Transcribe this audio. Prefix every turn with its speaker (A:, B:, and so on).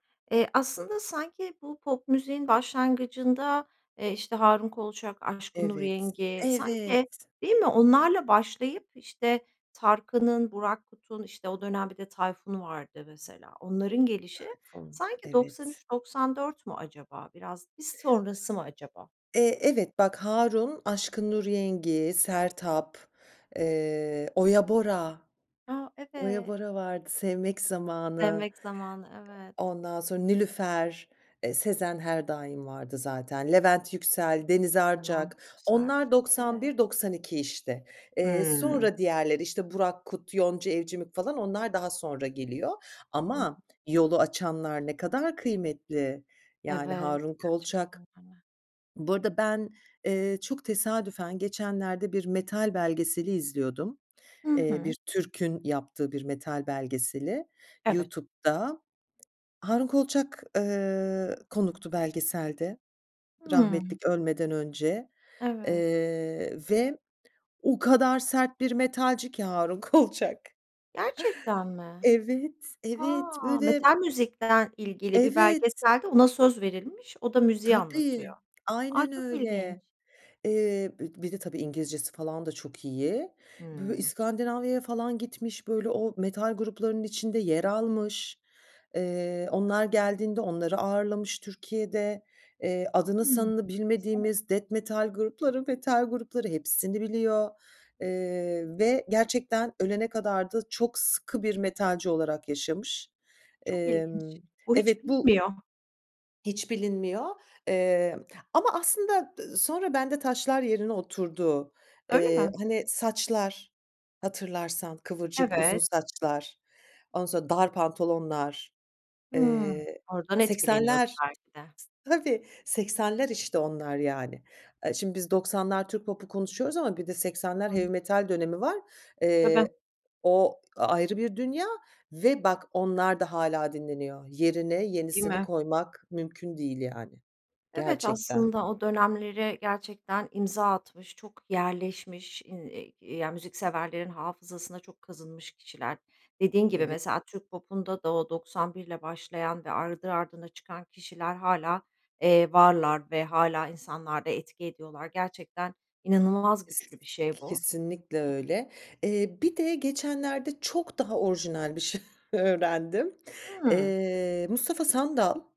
A: Eee, aslında sanki bu pop müziğin başlangıcında, eee, işte, Harun Kolçak, Aşkın Nur
B: Evet.
A: Yengi sanki
B: Evet.
A: Değil mi? Onlarla başlayıp, işte, Tarkan'ın, Burak Kut'un, işte, o dönem bir de Tayfun vardı mesela onların gelişi
B: Tayfun,
A: sanki doksan
B: evet.
A: üç doksan dört mü acaba biraz, biz sonrası mı acaba?
B: Eee, evet, bak, Harun, Aşkın Nur Yengi, Sertab, eee, Oya Bora,
A: A,
B: Oya
A: evet.
B: Bora vardı, Sevmek Zamanı,
A: Sevmek Zamanı, evet.
B: e ondan sonra Nilüfer, eee, Sezen her daim vardı zaten. Levent Yüksel, Deniz Arcak,
A: Levent Yüksel,
B: onlar doksan
A: evet.
B: bir doksan iki, işte. Eee,
A: Hımm.
B: sonra diğerleri, işte, Burak Kut, Yonca Evcimik falan onlar daha sonra geliyor.
A: Hı
B: Ama
A: hı.
B: yolu açanlar ne kadar kıymetli. Yani
A: Evet,
B: Harun Kolçak
A: gerçekten, değil mi?
B: Bu arada ben, eee, çok tesadüfen geçenlerde bir metal belgeseli izliyordum,
A: Hı
B: eee,
A: hı.
B: bir Türk'ün yaptığı bir metal belgeseli
A: Evet.
B: YouTube'da. Harun Kolçak, eee, konuktu belgeselde, rahmetli
A: Hımm.
B: k ölmeden önce,
A: Evet.
B: eee, ve o kadar sert bir metalci ki Harun Kolçak.
A: Gerçekten mi?
B: Evet, evet,
A: A!
B: böyle
A: Metal müzikle ilgili bir
B: Evet.
A: belgeselde ona söz verilmiş. O da müziği
B: Tabii,
A: anlatıyor. Ay,
B: aynen
A: çok ilginç.
B: öyle. Eee, be bir de, tabii, İngilizcesi falan da çok iyi. Böyle
A: Hımm.
B: İskandinavya'ya falan gitmiş, böyle o metal gruplarının içinde yer almış. Eee, onlar geldiğinde onları ağırlamış Türkiye'de. Eee, adını
A: Hıı,
B: sanını
A: enteresan.
B: bilmediğimiz death metal grupları metal grupları, hepsini biliyor, eee, ve gerçekten ölene kadar da çok sıkı bir metalci olarak yaşamış.
A: Çok ilginç,
B: Emm,
A: bu hiç
B: evet, bu
A: bilinmiyor.
B: hiç bilinmiyor, emm, ama aslında dı sonra bende taşlar yerine oturdu.
A: Öyle
B: Eee,
A: mi?
B: hani saçlar, hatırlarsan kıvırcık, uzun
A: Evet.
B: saçlar, ondan sonra dar pantolonlar,
A: Hımm.
B: eee,
A: Oradan etkileniyordu
B: 80'ler,
A: belki de.
B: tabii, 80'ler, işte, onlar yani. Aaa, şimdi biz 90'lar Türk popu konuşuyoruz ama bir de 80'ler
A: Hı
B: heavy
A: hı.
B: metal dönemi var.
A: Tabii.
B: Eee, o a ayrı bir dünya ve bak onlar da hâlâ dinleniyor. Yerine
A: Değil
B: yenisini
A: mi?
B: koymak mümkün değil yani,
A: Evet,
B: gerçekten.
A: aslında o dönemlere gerçekten imza atmış çok yerleşmiş in i ya müzikseverlerin hafızasına çok kazınmış kişiler. Dediğin gibi
B: Eve
A: mesela Türk popunda da o 91'le başlayan ve ardı ardına çıkan kişiler hâlâ, eee, varlar ve hâlâ insanlarda etki ediyorlar gerçekten inanılmaz güçlü bir şey
B: [unintelligible]
A: bu.
B: Kesinlikle öyle. Eee, bir de geçenlerde çok daha orijinal bir şey öğrendim.
A: Hıı.
B: Eee, Mustafa Sandal